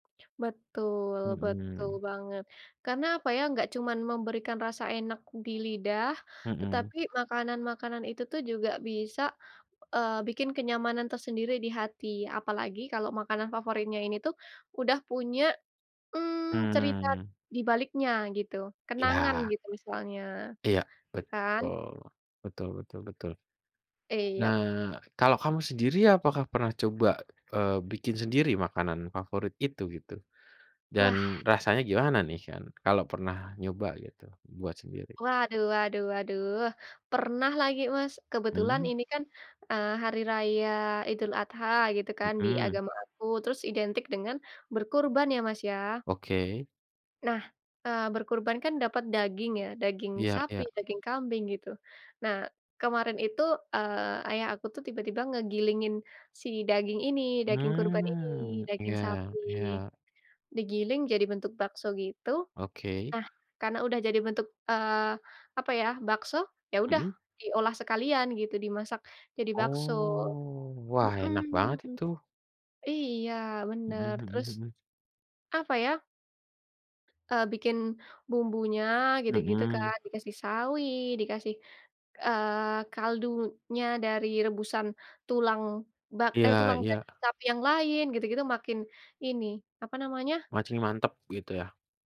Betul betul Hmm. banget. Karena, apa ya, enggak cuman memberikan rasa enak di lidah, Hmm. tetapi makanan-makanan itu tuh juga bisa, eee, bikin kenyamanan tersendiri di hati. Apalagi kalau makanan favoritnya ini tuh udah punya, mmm, cerita Mmm. dibaliknya gitu, kenangan Iya. gitu misalnya, Iya, iya kan? betul. Betul betul betul. I yup. Nah, kalau kamu sendiri apakah pernah coba, eee, bikin sendiri makanan favorit itu, gitu? Ku Dan wah. rasanya gimana nih kan, kalau pernah nyoba gitu buat sendiri? Waduh waduh waduh pernah lagi Mas. Kebetulan Mmm. ini kan, eee, hari raya Idul Adha, gitu kan, di Hmm. agama aku, terus identik dengan berkurban, ya Mas ya. Oke. Nah, eee, berkurban kan dapat daging ya, daging Iya sapi, iya. daging kambing, gitu. Nah, kemarin itu, eee, ayah aku tuh tiba-tiba ngegilingin si daging ini, daging kurban ini, Mmm, daging iya sapi. iya. Digiling jadi bentuk bakso gitu. Oke. Nah, karena udah jadi bentuk, eee, apa ya bakso, ya udah Hmm. diolah sekalian gitu, dimasak jadi bakso. Oh, wah enak Hmm. banget itu. Iya Hmm benar, hmm terus, hmm. apa ya eee, bikin bumbunya gitu-gitu Hmm. kan. Dikasih sawi, dikasih, eee, kaldunya dari rebusan tulang bak Iya eh tulang iya. daging sapi yang lain, gitu-gitu, makin ini, apa namanya Makin mantap, gitu ya?